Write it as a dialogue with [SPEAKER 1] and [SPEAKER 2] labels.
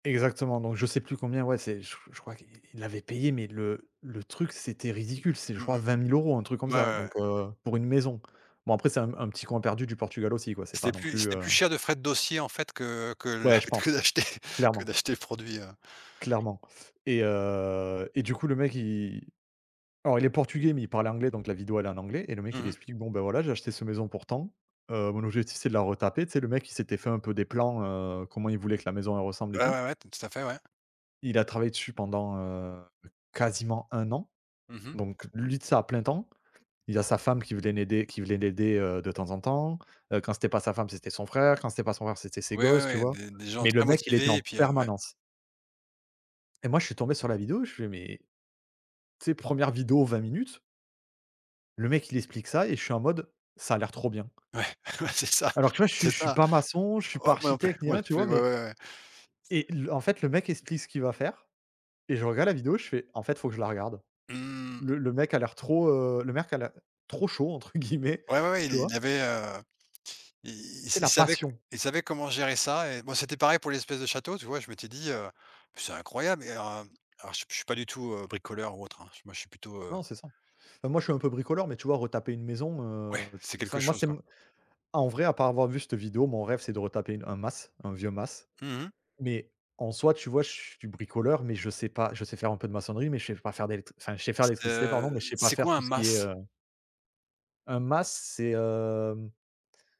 [SPEAKER 1] Exactement donc je sais plus combien, ouais c'est che je crois que il il l'avait payé mais le le truc c'était ridicule, c'est je
[SPEAKER 2] Mmh
[SPEAKER 1] crois
[SPEAKER 2] mh.
[SPEAKER 1] 20 000 € un truc comme
[SPEAKER 2] Ouais,
[SPEAKER 1] ça.
[SPEAKER 2] ouais, ouais.
[SPEAKER 1] Donc, heu, pour une maison. Bon après c'est un un petit coin perdu du Portugal aussi quoi, c'est pas
[SPEAKER 2] C'était
[SPEAKER 1] non
[SPEAKER 2] plus
[SPEAKER 1] plus,
[SPEAKER 2] c'était
[SPEAKER 1] heu
[SPEAKER 2] plus cher de frais de dossier en fait que que
[SPEAKER 1] Ouais,
[SPEAKER 2] la
[SPEAKER 1] je
[SPEAKER 2] que
[SPEAKER 1] pense,
[SPEAKER 2] d'acheter que
[SPEAKER 1] clairement
[SPEAKER 2] d'acheter le produit, heu
[SPEAKER 1] clairement et heu, et du coup le mec il alors il est portugais mais il parle anglais donc la vidéo elle est en anglais, et le mec
[SPEAKER 2] Mmh
[SPEAKER 1] il
[SPEAKER 2] mh.
[SPEAKER 1] explique bon, bah, voilà j'ai acheté cette maison pour tant, heu, mon objectif c'est de la retaper. Tu sais, le mec il s'était fait un peu des plans, heu comment il voulait que la maison elle ressemble et
[SPEAKER 2] Ouais,
[SPEAKER 1] tout
[SPEAKER 2] ouais, ouais, ton tout à fait, ouais.
[SPEAKER 1] il a travaillé dessus pendant, heu, quasiment 1 an,
[SPEAKER 2] Mmh mh.
[SPEAKER 1] donc lui, tu sais, à plein temps. Il a sa femme qui venait l'aider qui venait l'aider, heu, de temps en temps, heu, quand c'était pas sa femme c'était son frère, quand c'était pas son frère c'était ses
[SPEAKER 2] Oui, oui,
[SPEAKER 1] gosses, tu
[SPEAKER 2] oui
[SPEAKER 1] vois?
[SPEAKER 2] des des gens
[SPEAKER 1] Mais le
[SPEAKER 2] très
[SPEAKER 1] mec il était
[SPEAKER 2] motivés,
[SPEAKER 1] en
[SPEAKER 2] et puis, heu, ouais.
[SPEAKER 1] permanence et moi je suis tombé sur la vidéo, je fais: «Mais», tu sais, première vidéo 20 minutes le mec il explique ça et je suis en mode, ça a l'air trop bien
[SPEAKER 2] Ouais, ouais c'est ça,
[SPEAKER 1] alors, tu vois je suis
[SPEAKER 2] c'est
[SPEAKER 1] je suis
[SPEAKER 2] ça.
[SPEAKER 1] pas maçon, je suis pas
[SPEAKER 2] Heu, moi non plus,
[SPEAKER 1] architecte ni
[SPEAKER 2] moi
[SPEAKER 1] rien,
[SPEAKER 2] non
[SPEAKER 1] tu vois?
[SPEAKER 2] plus, ouais,
[SPEAKER 1] Mais
[SPEAKER 2] ouais, ouais.
[SPEAKER 1] et le en fait le mec explique ce qu'il va faire et je regarde la vidéo, je fais: «En fait faut que je la regarde».
[SPEAKER 2] Mmh.
[SPEAKER 1] Le le mec a l'air trop, heu le mec a l'ai «trop chaud» entre guillemets,
[SPEAKER 2] Ouais ouais ouais il
[SPEAKER 1] tu vois?
[SPEAKER 2] il y avait, heu, i
[SPEAKER 1] Tu sais,
[SPEAKER 2] il
[SPEAKER 1] la
[SPEAKER 2] savait
[SPEAKER 1] passion.
[SPEAKER 2] il savait comment gérer ça et bah, c'était pareil pour l'espèce de château, tu vois? Je m'étais dit: «Heu, beh c'est incroyable» et hem Alors je suis je suis pas du tout, heu, bricoleur ou autre hein. Moi, je suis plutôt, heu
[SPEAKER 1] Non, c'est ça. Bah moi je suis un peu bricoleur, mais, tu vois retaper une maison,
[SPEAKER 2] Ouais,
[SPEAKER 1] heu,
[SPEAKER 2] c'est
[SPEAKER 1] tu s enfin
[SPEAKER 2] quelque
[SPEAKER 1] moi
[SPEAKER 2] chose,
[SPEAKER 1] c'est
[SPEAKER 2] quoi.
[SPEAKER 1] m en vrai à part avoir vu cette vidéo, mon rêve c'est de retaper une un mas, un vieux mas.
[SPEAKER 2] Mmh mh.
[SPEAKER 1] Mais, en soit tu vois, je suis bricoleur, mais je sais pas je sais faire un peu de maçonnerie, mais je sais pas faire d'électr enfin je sais faire
[SPEAKER 2] C'est,
[SPEAKER 1] l'électricité pardon, mais
[SPEAKER 2] heu,
[SPEAKER 1] je sais pas
[SPEAKER 2] c'est
[SPEAKER 1] faire
[SPEAKER 2] quoi
[SPEAKER 1] tout
[SPEAKER 2] un
[SPEAKER 1] ce qui est,
[SPEAKER 2] mas?
[SPEAKER 1] heu Un mas, c'est hem